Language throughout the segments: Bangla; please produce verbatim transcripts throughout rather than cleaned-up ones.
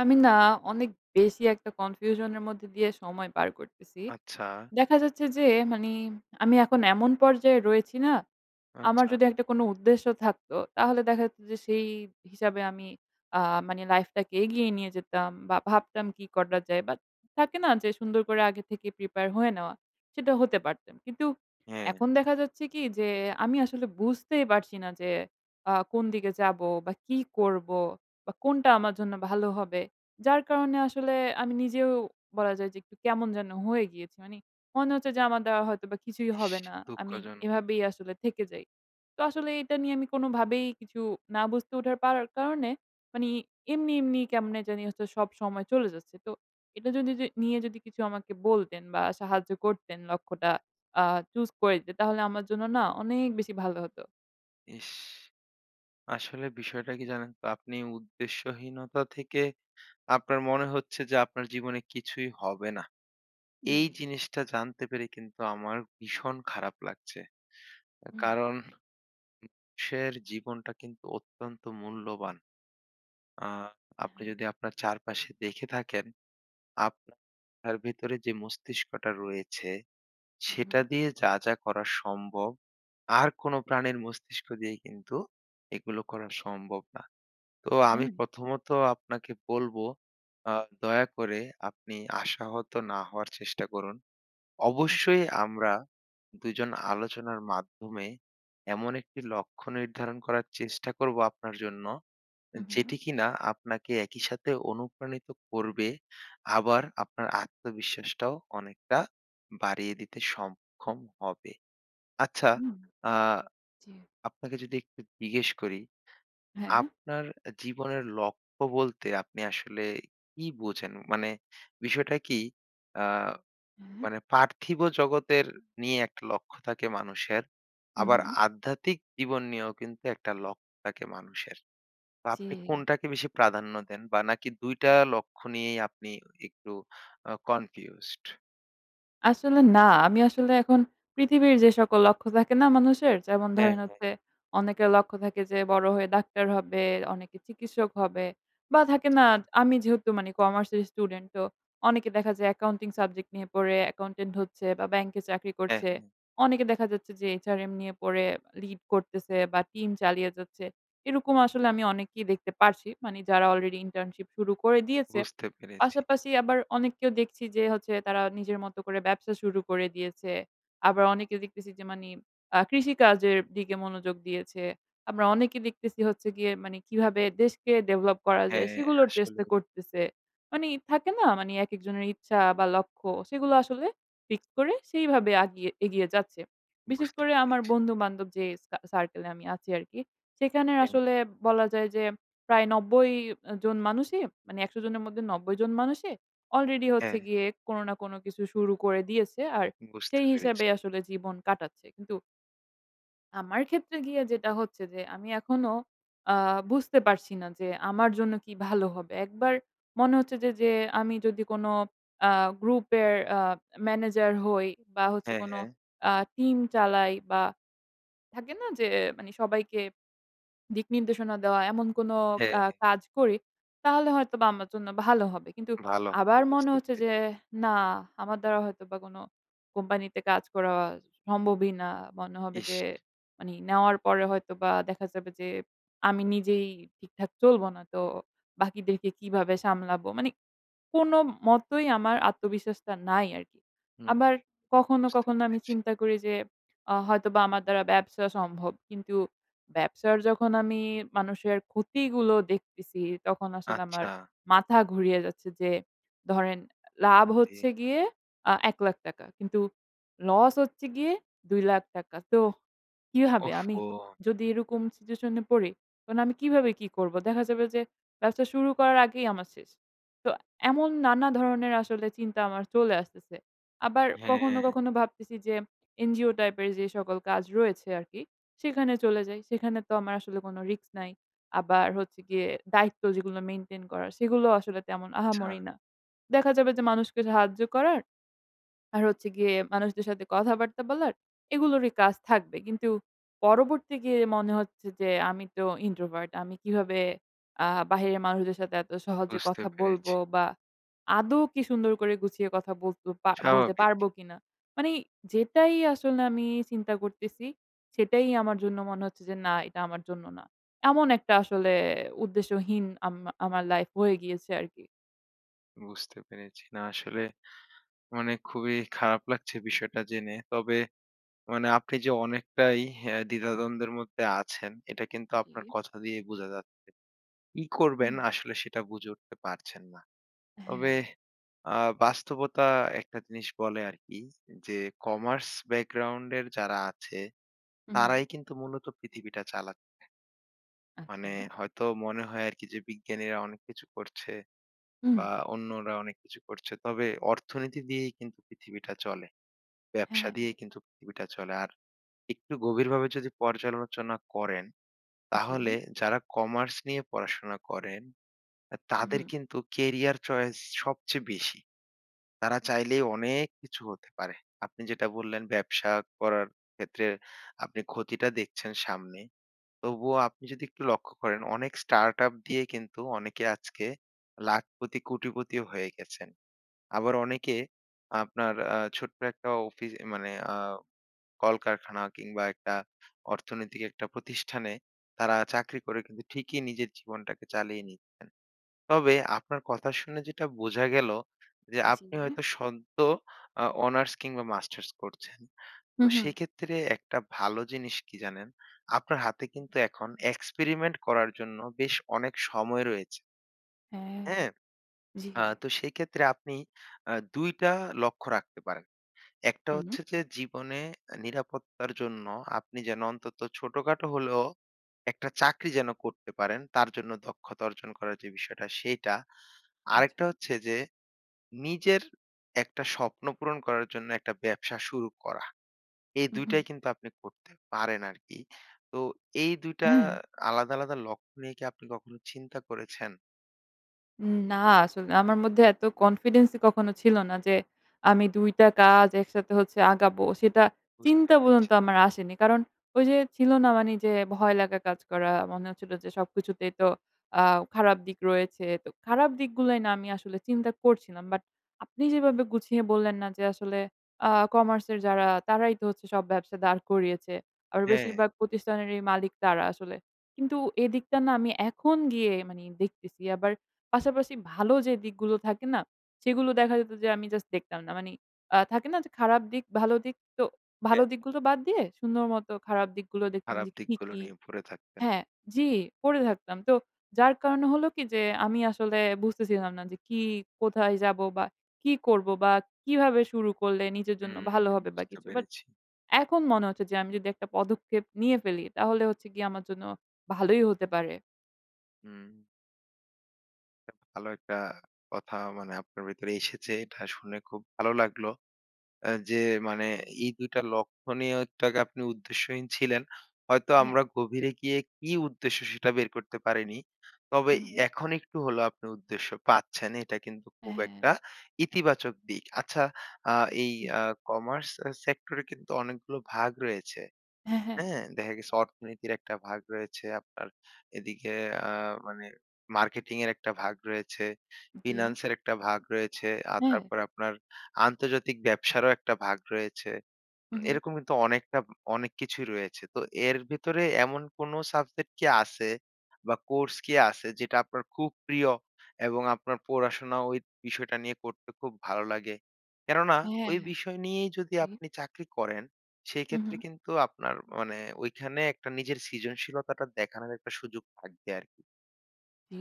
আমি না অনেক বেশি একটা confusion এর মধ্যে দিয়ে সময় পার করতেছি। আচ্ছা। দেখা যাচ্ছে যে, মানি আমি এখন এমন পর্যায়ে রয়েছি না, আমার আচ্ছা। যদি একটা কোন উদ্দেশ্য থাকত তাহলে দেখা যেত যে সেই হিসাবে আমি আ মানে লাইফটাকে এগিয়ে নিয়ে যেতাম বা, ভাবতাম কি করা যায়? বাট থাকে না যে সুন্দর করে আগে থেকে প্রিপেয়ার হয়ে নেওয়া। সেটা হতে পারতাম। কিন্তু হ্যাঁ। এখন দেখা যাচ্ছে কি যে, আমি আসলে বুঝতেই পারছি না যে আ কোন দিকে যাবো? বা, কি করবো? বা, কোনটা আমার জন্য ভালো হবে? যার কারণে আসলে আমি নিজেও বলা যায় যে একটু কেমন যেন হয়ে গিয়েছি। মানি মনে হচ্ছে যে আমারা দ্বারা হয়তো বা কিছুই ইশ! হবে না। আমি দুঃখজনক। এভাবেই আসলে থেকে যাই। তো আসলে এটা নিয়ে আমি কোনোভাবেই কিছু না বুঝতে ওঠার পারার কারণে, মানি এমনি, এমনি কেমনে জানি হচ্ছে সব সময় চলে যাচ্ছে। তো এটা যদি যে নিয়ে যদি কিছু আমাকে বলতেন বা, সাহায্য করতেন লক্ষ্যটা আ choose করে দিতেন তাহলে আমার জন্য না অনেক বেশি ভালো হতো। ইশ! আসলে বিষয়টা কি জানেন তো, আপনি উদ্দেশ্যহীনতা থেকে আপনার মনে হচ্ছে যে আপনার জীবনে কিছুই হবে না। এই জি। জিনিসটা জানতে পেরে কিন্তু আমার ভীষণ খারাপ লাগছে। হুম। কারণ মানুষের জীবনটা কিন্তু অত্যন্ত মূল্যবান। আ হ্যাঁ, আপনি হ্যাঁ। যদি আপনার চারপাশে দেখে থাকেন, আপনার ভেতরে যে মস্তিষ্কটা রয়েছে উম-হুম, সেটা হুম। দিয়ে যা, যা করা সম্ভব আর কোন প্রাণের মস্তিষ্ক দিয়ে কিন্তু এগুলো করা সম্ভব না। তো আমি হ্যাঁ। প্রথমত আপনাকে বলবো আ দয়া করে আপনি আশাহত না হওয়ার চেষ্টা করুন। আ। অবশ্যই আমরা দুইজন আলোচনার মাধ্যমে এমন একটি লক্ষ্য নির্ধারণ করার চেষ্টা করব আপনার জন্য, উম-হুম। যেটি কিনা আপনাকে একই সাথে অনুপ্রাণিত করবে আবার আপনার আত্মবিশ্বাসটাও অনেকটা বাড়িয়ে দিতে সংক্ষম হবে। আচ্ছা, হুম। আ জি। আপনাকে যদি একটু জিজ্ঞেস করি হ্যাঁ। আপনার জীবনের লক্ষ্য বলতে আপনি আসলে কি বোঝেন? মানে বিষয়টা কি আ হুম। মানে পার্থিব জগতের নিয়ে একটা লক্ষ্য থাকে মানুষের। আবার উম-হুম। আধ্যাত্মিক জীবন নিয়েও কিন্তু একটা লক্ষ্য থাকে মানুষের। তো আপনি জি। কোনটাকে বেশি প্রাধান্য দেন বা, নাকি দুইটা লক্ষ্য নিয়েই আপনি ই একটু আ কনফিউজড? আসলে না। আমি আসলে এখন পৃথিবীর যে সকল লক্ষ্য থাকে না মানুষের যেমন হ্যাঁ, ধরেন হ্যাঁ। হচ্ছে অনেকের লক্ষ্য থাকে যে বড় হয়ে ডাক্তার হবে, অনেকে চিকিৎসক হবে বা থাকে না আচ্ছা। আমি যেহেতু মানে কমার্স এর স্টুডেন্ট তো অনেকে দেখা যায় অ্যাকাউন্টিং সাবজেক্ট নিয়ে পড়ে accountant হচ্ছে বা ব্যাংকে চাকরি হ্যাঁ, করছে। হ্যাঁ। অনেকে দেখা যাচ্ছে যে HRM নিয়ে পড়ে lead করতেছে বা টিম চালিয়ে যাচ্ছে। এরকম আসলে আমি অনেককেই দেখতে পারছি। মানে যারা আলরেডি ইন্টার্নশিপ শুরু করে দিয়েছে। বুঝতে পেরেছি। পাশাপাশি আবার অনেককেও দেখছি যে হচ্ছে তারা নিজের মতো করে ব্যবসা শুরু করে দিয়েছে। আবার অনেকে দেখতেছি যে মানে অ্যা কৃষিকাজের দিকে মনোযোগ দিয়েছে। আমরা অনেকে দেখতেছি হচ্ছে গিয়ে মানে কিভাবে দেশকে ডেভেলপ করা যায়? হ্যাঁ, সেগুলোর চেষ্টা আসলেই। করতেছে। মানে থাকে না? মানে একেকজনের ইচ্ছা বা লক্ষ্য সেগুলো আসলে fix করে সেইভাবে আগিয়ে এগিয়ে যাচ্ছে। বিশেষ বুঝতে করে আমার পেরেছি। বন্ধু-বান্ধব যে সার সার্কেলে আমি আছি আরকি। সেখানে হ্যাঁ। আসলে বলা যায় যে প্রায় নব্বই জন মানুষই মানে একশো জনের মধ্যে নব্বই জন মানুষই অলরেডি হচ্ছে হ্যাঁ। গিয়ে কোন না কোন কিছু শুরু করে দিয়েছে। আর বুঝতে সেই পেরেছি। হিসাবে আসলে জীবন কাটাচ্ছে কিন্তু আমার ক্ষেত্রে গিয়ে যেটা হচ্ছে যে আমি এখনো অ্যা বুঝতে পারছি না যে আমার জন্য কি ভালো হবে। একবার মনে হচ্ছে যে যে আমি যদি কোন অ্যা গ্রুপের অ্যা ম্যানেজার হই বা হচ্ছে হ্যা, কোন হ্যা। অ্যা টিম চালাই বা থাকে না যে মানে সবাইকে দিক নির্দেশনা দেওয়া এমন কোন হ্যা, অ্যা হ্যা। কাজ করি তাহলে হয়তোবা আমার জন্য ভালো হবে। কিন্তু ভাল [unintelligible] আবার মনে বুঝতে হচ্ছে যে পেরেছি। না আমার দ্বারা হয়তোবা কোন কোম্পানি তে কাজ করা সম্ভবই না। মনে হবে যে ইস! মানে নেওয়ার পরে হয়তোবা দেখা যাবে যে আমি নিজেই ঠিকঠাক চলব না তো বাকিদেরকে কিভাবে সামলাবো? মানে কোন মতই আমার আত্মবিশ্বাসটা নাই আরকি। হুম। আবার কখনো বুঝতে কখনো আমি পেরেছি। চিন্তা করি যে অ হয়তোবা আমার দ্বারা ব্যবসা সম্ভব। কিন্তু ব্যবসার যখন আমি মানুষের ক্ষতিগুলো দেখতেছি তখন আসলে আমার আচ্ছা। মাথা ঘুরিয়ে যাচ্ছে। যে ধরেন লাভ আহারে! হচ্ছে গিয়ে অ্যা এক লাখ টাকা কিন্তু লস হচ্ছে গিয়ে দুই লাখ টাকা। তো কিভাবে? আমি ওহ-হো। যদি এরকম সিচুয়েশনে পড়ি তাহলে আমি কিভাবে কি করবো? দেখা যাবে যে ব্যবসা শুরু করার আগেই আমার শেষ। তো এমন নানা ধরনের আসলে চিন্তা আমার চলে আসতেছে। আবার কখনো হ্যা। কখনো ভাবতেছি যে এনজিও টাইপের যে সকল কাজ রয়েছে আরকি সেখানে চলে যাই। সেখানে তো আমার আসলে কোন রিস্ক নাই। আবার হচ্ছে গিয়ে দায়িত্ব যেগুলো মেইনটেইন করার সেগুলোও আসলে তেমন আহামরি চ্ছা না। দেখা যাবে যে মানুষকে সাহায্য করার, আর হচ্ছে গিয়ে মানুষদের সাথে কথাবার্তা বলার এগুলোরই কাজ থাকবে। কিন্তু পরবর্তী গিয়ে মনে হচ্ছে যে আমি তো ইন্ট্রোভার্ট আমি কিভাবে অ্যা বাহিরের মানুষদের সাথে এত সহজে বুঝতে কথা বলব পেরেছি। বা আদৌ কি সুন্দর করে গুছিয়ে কথা বলতে পার বলতে স্বাভাবিক। পারব কিনা। মানে যেটাই আসলে আমি চিন্তা করতেছি সেটাই আমার জন্য মনে হচ্ছে যে না এটা আমার জন্য না। এমন একটা আসলে উদ্দেশ্যহীন আম আমার লাইফ হয়ে গিয়েছে আরকি। বুঝতে পেরেছি। না আসলে মানে খুবই খারাপ লাগছে বিষয়টা জেনে। তবে মানে আপনি যে অনেকটাই অ্যা দ্বিধাদ্বন্দ্বের মধ্যে আছেন এটা কিন্তু আপনার জি। কথা দিয়ে বোঝা যাচ্ছে। কি করবেন হুম। আসলে সেটা বুঝে উঠতে পারছেন না। তবে হ্যা। আ বাস্তবতা একটা জিনিস বলে আরকি যে কমার্স ব্যাকগ্রাউন্ডের যারা আছে হুম। তারাই কিন্তু মূলত পৃথিবীটা চালাচ্ছে। মানে আচ্ছা। হয়তো মনে হয় আরকি যে বিজ্ঞানীরা অনেক কিছু করছে হুম। বা অন্যরা অনেক কিছু করছে। তবে অর্থনীতি দিয়েই কিন্তু পৃথিবীটা চলে। হ্যা, ব্যবসা হ্যা। দিয়েই কিন্তু পৃথিবীটা চলে। আর একটু গভীরভাবে যদি পর্যালোচনা করেন তাহলে জি। যারা কমার্স নিয়ে পড়াশোনা করেন, অ্যা তাদের হুম। কিন্তু কেরিয়ার চয়েস সবচেয়ে বেশি। তারা চাইলেই অনেক কিছু হতে পারে। আপনি যেটা বললেন ব্যবসা করার ক্ষেত্রে আপনি ক্ষতিটা দেখছেন সামনে। তবুও আপনি যদি একটু লক্ষ্য করেন অনেক স্টার্টআপ দিয়ে কিন্তু অনেকে আজকে লাখপতি-কোটিপতিও হয়ে গেছেন। আবার অনেকে আপনার আ ছোট্ট একটা অফি মানে অ্যা কলকারখানা কিংবা একটা অর্থনৈতিক একটা প্রতিষ্ঠানে তারা চাকরি করে কিন্তু ঠিকই নিজের জীবনটাকে চালিয়ে নিচ্ছেন। তবে আপনার কথা শুনে যেটা বোঝা গেল যে আপনি হয়তো জি। সদ্য আ অনার্স কিংবা মাস্টার্স করছেন। তো হুম, হুম। সেক্ষেত্রে একটা ভালো জিনিস কি জানেন? আপনার হাতে কিন্তু এখন experiment করার জন্য বেশ অনেক সময় রয়েছে, হ্যা। হ্যা? জি। আ তো সেইক্ষেত্রে আপনি আ দুইটা লক্ষ্য রাখতে পারেন। একটা হুম। হচ্ছে যে জীবনে অ্যা নিরাপত্তার জন্য আপনি যেন অন্তত ছোট-খাটো হলেও একটা চাকরি যেন করতে পারেন তার জন্য দক্ষতা অর্জন করার যে বিষয়টা সেইটা। আচ্ছা। আরেকটা হচ্ছে যে নিজের একটা স্বপ্ন পূরণ করার জন্য একটা ব্যবসা শুরু করা। এই হু, হু। দুইটাই কিন্তু আপনি করতে পারেন আরকি। তো এই দুইটা হ্যা। আলাদা-আলাদা লক্ষ্য নিয়ে কি আপনি কখনো চিন্তা করেছেন? উম না আসলে আমার মধ্যে এত কনফিডেন্স ই কখনো ছিল না যে আমি দুইটা কাজ একসাথে হচ্ছে আগাবো। সেটা বুঝতে চিন্তা পেরেছি। পর্যন্ত আমার আসেনি। কারণ ওইযে ছিল না মানি যে ভয় লাগা কাজ করা? মনে হচ্ছিল যে সবকিছুতেই তো আও খারাপ দিক রয়েছে। তো খারাপ দিকগুলাই না আমি আসলে চিন্তা করছিলাম। বাট আপনি যেভাবে গুছিয়ে বললেন না যে আসলে আ কমার্সের যারা তারাই তো হচ্ছে সব ব্যবসা দাঁড় করিয়েছে। আর হ্যাঁ। বেশিরভাগ প্রতিষ্ঠানেরই মালিক তারা আসলে। কিন্তু এদিকটা না আমি এখন গিয়ে মানে দেখতেছি। আবার পাশাপাশি ভালো যে দিকগুলো থাকে না? সেগুলো দেখা যেত যে আমি জাস্ট দেখতাম না। মানি আ থাকে না যে খারাপ দিক ভালো দিক? তো ভালো হ্যাঁ। দিকগুলো বাদ দিয়ে সুন্দর মতো খারাপ দিকগুলো দেখতাম খারাপ যে কী, দিকগুলো কী নিয়ে পড়ে থাকতেন। হ্যাঁ জি পড়ে থাকতাম। তো যার কারণে হল কি যে আমি আসলে বুঝতেছিলাম না যে কি কোথায় যাব? বা কি করব বা কিভাবে শুরু করলে নিজের জন্য হুম, ভালো হু। হবে বা বুঝতে কিছু? বাট পেরেছি। এখন মনে হচ্ছে যে আমি যদি একটা পদক্ষেপ নিয়ে ফেলি তাহলে হচ্ছে গিয়ে আমার জন্য ভালোই হতে পারে। হুম। ভালো একটা কথা মানে আপনার ভেতরে এসেছে। এটা শুনে খুব ভালো লাগলো। এ যে মানে এই দুই টা লক্ষণীয়টাকে আপনি উদ্দেশ্যহীন ছিলেন। হয়তো হ্যাঁ। আমরা গভীরে গিয়ে কি উদ্দেশ্য? সেটা বের করতে পারিনি। তবে হু, হু। এখন একটু হলেও আপনি উদ্দেশ্য পাচ্ছেন এটা কিন্তু খুব একটা হ্যাঁ। ইতিবাচক দিক। আচ্ছা আ এই জ্বী। আ কমার্স স সেক্টরে কিন্তু অনেকগুলো ভাগ রয়েছে। হ্যাঁ, হ্যাঁ। হ্যাঁ? দেখা গেছে অর্থনীতির একটা ভাগ রয়েছে। আপনার এদিকে আ মানে মার্কেটিংয়ের একটা ভাগ রয়েছে, জ্বী। ফিন্যান্সের একটা ভাগ রয়েছে আর হ্যাঁ। তারপরে আপনার আন্তর্জাতিক ব্যবসারও একটা ভাগ রয়েছে। উম হুম, হুম। এরকম কিন্তু অনেকটা উম অনেক কিছুই রয়েছে। তো এর ভেতরে এমন কোনো সাবজেক্ট কি আছে বা কোর্স কি আছে যেটা আপনার খুব প্রিয়? এবং আপনার পড়াশোনা ওই বিষয়টা নিয়ে করতে খুব ভালো লাগে? কেননা হ্যাঁ, ওই হ্যাঁ বিষয় নিয়েই যদি জি। আপনি চাকরি করেন হুম, সেক্ষেত্রে হুম। কিন্তু আপনার মানে ঐখানে একটা নিজের সৃজনশীলতাটা দেখানোর একটা সুযোগ থাকবে আরকি। জি,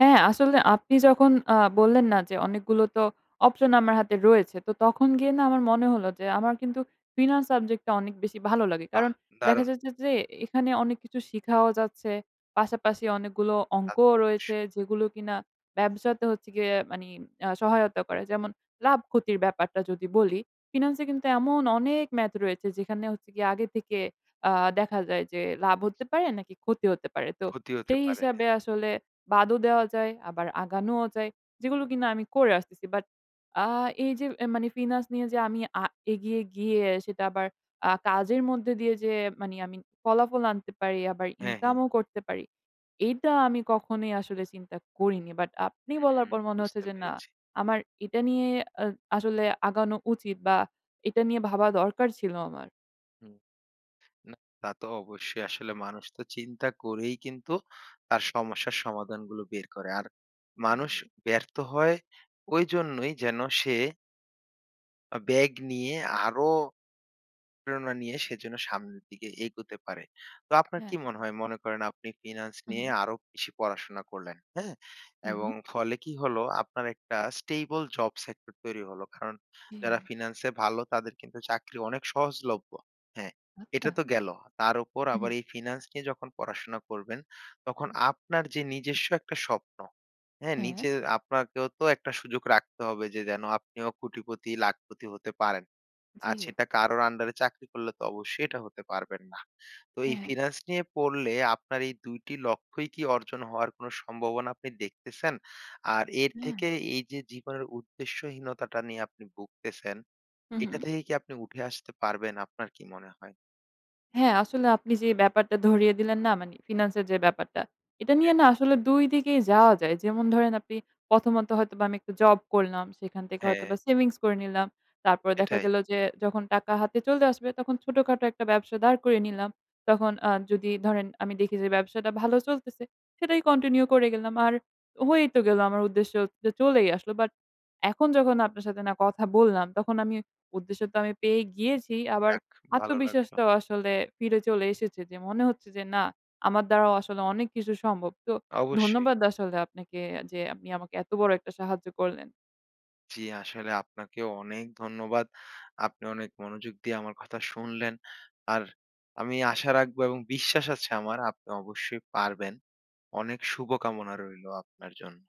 হ্যাঁ আসলে আপনি যখন আ বললেন না যে অনেকগুলো তো অপশন আমার হাতে রয়েছে। তো তখন গিয়ে না আমার মনে হলো যে আমার কিন্তু ফিনান্স সাবজেক্ট টা অনেক বেশি ভালো লাগে। বাহ! কারণ দেখা দারুন! যাচ্ছে যে এখানে অনেক কিছু শিখাও যাচ্ছে। পাশাপাশি অনেকগুলো তা অঙ্কও তো রয়েছে, অবশ্যই। যেগুলো কিনা ব্যবসাতে হচ্ছে গিয়ে মানে আ সহায়তা করে। যেমন লাভ ক্ষতির ব্যাপারটা যদি বলি। ফিনান্স এ কিন্তু এমন অনেক math রয়েছে যেখানে হচ্ছে গিয়ে আগে থেকে আ দেখা যায় যে লাভ হতে পারে? নাকি ক্ষতি হতে পারে? তো ক্ষতি হতে সেই পারে, হ্যাঁ। হিসাবে আসলে বাদও দেওয়া যায়। আবার আগানোও যায়। যেগুলো কিনা আমি করে আসতেছি। বাট, আ এই যে মানে ফিনান্স নিয়ে যে আমি আ এগিয়ে গিয়ে, সেটা আবার আ কাজের মধ্যে দিয়ে যে, মানে আমি ফলাফল আনতে পারি আবার হ্যাঁ, ইনকাম হ্যাঁ। ও করতে পারি। এইটা আমি কখনোই আসলে চিন্তা করিনি। বাট আপনি বলার উম পর মনে হচ্ছে বুঝতে যে না, পেরেছি। আমার এটা নিয়ে আ আসলে আগানো উচিত বা এটা নিয়ে ভাবা দরকার ছিল আমার। হুম, না, তা তো অবশ্যই। আসলে মানুষ তো চিন্তা করেই কিন্তু, তার সমস্যার সমাধানগুলো বের করে। আর মানুষ জি। ব্যর্থ হয় ঐজন্যই যেন সে আ ব্যাগ নিয়ে আরো, প্রেরণা নিয়ে সেজন্য সামনের দিকে এগোতে পারে। তো আপনার কি হ্যাঁ। মনে হয়? মনে করেন আপনি ফিন্যান্স নিয়ে উম-হুম। আরো বেশি পড়াশোনা করলেন, হ্যাঁ? এবং হুম। ফলে কি হলো আপনার একটা stable জব সেক্টর তৈরি হলো। কারণ যারা জী। ফিন্যান্সে ভালো তাদের কিন্তু চাকরি অনেক সহজলভ্য। হ্যাঁ, এটা আচ্ছা। তো গেল। তার উপর আবার উম-হুম। এই ফিন্যান্স নিয়ে যখন পড়াশোনা করবেন তখন আপনার যে নিজস্ব একটা স্বপ্ন, হ্যাঁ? হ্যাঁ। নিজে আপনাকেও তো একটা সুযোগ রাখতে হবে যে যেন আপনিও কোটিপতি, লাখপতি হতে পারেন। আজ জী। সেটা কারোর আন্ডারে চাকরি করলে তো অবশ্যই এটা হতে পারবেন না। তো এই হ্যাঁ, হ্যাঁ। ফিন্যান্স নিয়ে পড়লে আপনার এই দুই টি লক্ষ্যই কি অর্জন হওয়ার কোন সম্ভাবনা আপনি দেখতেছেন? আর এর হ্যাঁ। থেকে এই যে জীবনের উদ্দেশ্যহীনতাটা নিয়ে আপনি ভুগতেছেন এটা উম-হুম। থেকে কি আপনি উঠে আসতে পারবেন আপনার কি মনে হয়? হ্যাঁ, আসলে আপনি যে ব্যাপারটা ধরিয়ে দিলেন না? মানে ফিন্যান্স এর যে ব্যাপারটা। এটা নিয়ে না আসলে দুই দিকেই যাওয়া যায়। যেমন ধরেন আপনি প্রথমত হয়তোবা আমি একটু জব করলাম। সেখান থেকে হ্যাঁ। হয়তোবা savings করে নিলাম। তারপর দেখা এটাই। গেল যে, যখন টাকা হাতে চলে আসবে তখন ছোটখাটো এক টা ব্যবসা দাঁড় করে নিলাম। তখন আ যদি ধরেন আমি দেখি যে ব্যবসাটা ভালো চলতেছে। সেটাই continue করে গেলাম। আর হয়েই তো গেল আমার উদ্দেশ্য হচ্ছে চলেই আসলো। বাট এখন যখন আপনার সাথে না কথা বললাম তখন আমি উদ্দেশ্য তো আমি পেয়েই গিয়েছি। আবার যাক, ভালো লাগল। আত্মবিশ্বাসটাও আসলে ফিরে চলে এসেছে। যে মনে হচ্ছে যে না আমার দ্বারাও আসলে অনেক কিছু সম্ভব। তো অবশ্যই। ধন্যবাদ আসলে আপনাকে যে আপনি আমাকে এত বড় একটা সাহায্য করলেন। জী, আসলে আপনাকে ও অনেক ধন্যবাদ। আপনি অনেক মনোযোগ দিয়ে আমার কথা শুনলেন। আর আমি আশা রাখব এবং বিশ্বাস আছে আমার। আপনি অবশ্যই পারবেন। অনেক শুভকামনা রইলো আপনার জন্য।